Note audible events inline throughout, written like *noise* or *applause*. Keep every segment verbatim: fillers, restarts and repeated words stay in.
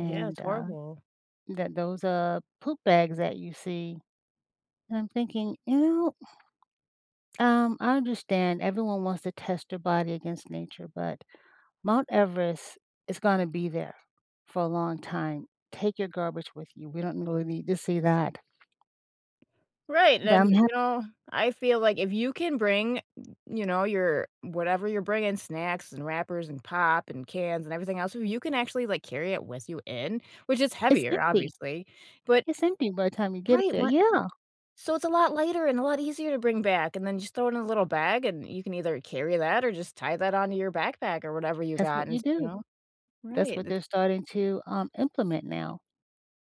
Yeah, it's uh, horrible. that those, uh, poop bags that you see, and I'm thinking, "Ew!" Um, I understand everyone wants to test your body against nature, but Mount Everest is gonna be there for a long time. Take your garbage with you. We don't really need to see that. Right. But Then, I'm hap you know, I feel like if you can bring, you know, your whatever you're bringing- snacks and wrappers and pop and cans and everything else- you can actually, like, carry it with you in, which is It's heavier, empty! obviously. But It's empty by time you get up Right. there. What Yeah. so it's a lot lighter and a lot easier to bring back, and then just throw it in a little bag, and you can either carry that or just tie that onto your backpack or whatever you That's what got you and s you do. know? That's Right. what That's they're starting to, um, implement now.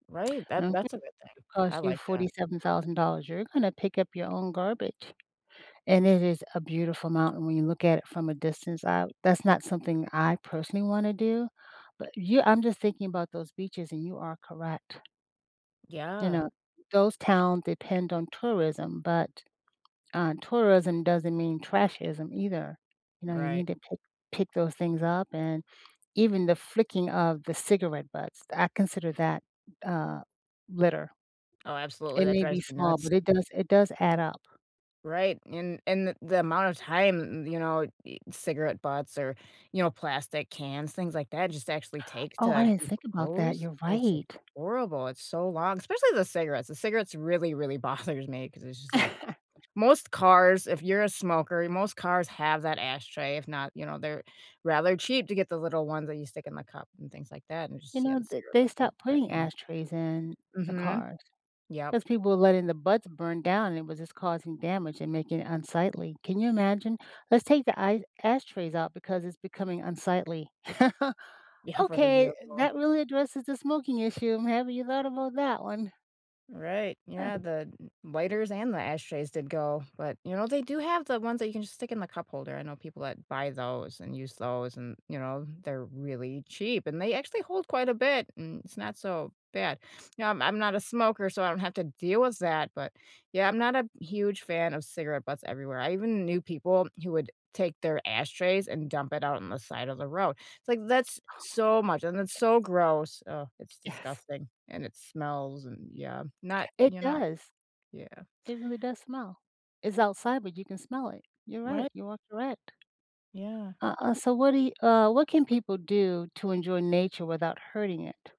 Right. That Oh, *unintelligible* that's a good thing. cost I you like that. forty seven thousand dollars, you're gonna pick up your own garbage. And it is a beautiful mountain when you look at it from a distance out. That's not something I personally wanna do, but you I'm just thinking about those beaches, and you are correct. You Yeah. know, those towns depend on tourism, but, uh, tourism doesn't mean "trashism" either. You know, you Right. need to pick pick those things up and even the flicking of the cigarette butts, I consider that, uh, litter. Oh, absolutely. It That may be drives me small, nuts. but it does it does add up. Right. And and the the amount of time, you know, y cigarette butts or, you know, plastic cans, things like that just actually take Oh, I to didn't think about that. decompose, You're It's just right. horrible. It's so long. Especially the cigarettes. The cigarettes really, really bothers me ‘cause it's just like *laughs* most cars, if you're a smoker, most cars have that ashtray. If not, you know, they're rather cheap to get the little ones that you stick in the cup and things like that and You just see how know, the th cigarette they butts rip stopped that putting thing ashtrays in up. the Mhm. cars Yep. 'cause people were letting the butts burn down and it was just causing damage and making it unsightly. Can you imagine? "Let's take the I ashtrays out because it's becoming unsightly." *laughs* Yeah, for the "Okay, vehicle. that really addresses the smoking issue. Have you thought about that one?" Right. Yeah. Ugh. The lighters and the ashtrays did go, but, you know, they do have the ones that you can just stick in the cup holder. I know people that buy those and use those and, you know, they're really cheap, and they actually hold quite a bit and it's not so bad. You know, I'm I'm not a smoker, so I don't have to deal with that, but yeah, I'm not a huge fan of cigarette butts everywhere. I even knew people who would take their ashtrays and dump it out on the side of the road. It's, like, that's Oh. so much, and it's so gross. Oh, it's Yes. disgusting, and it smells, and, yeah, not It you're not does. Yeah. It really does smell. It's outside, but you can smell it. You're right. Right. You are correct. Yeah. Uh uh, so what do you uh, what can people do to enjoy nature without hurting it?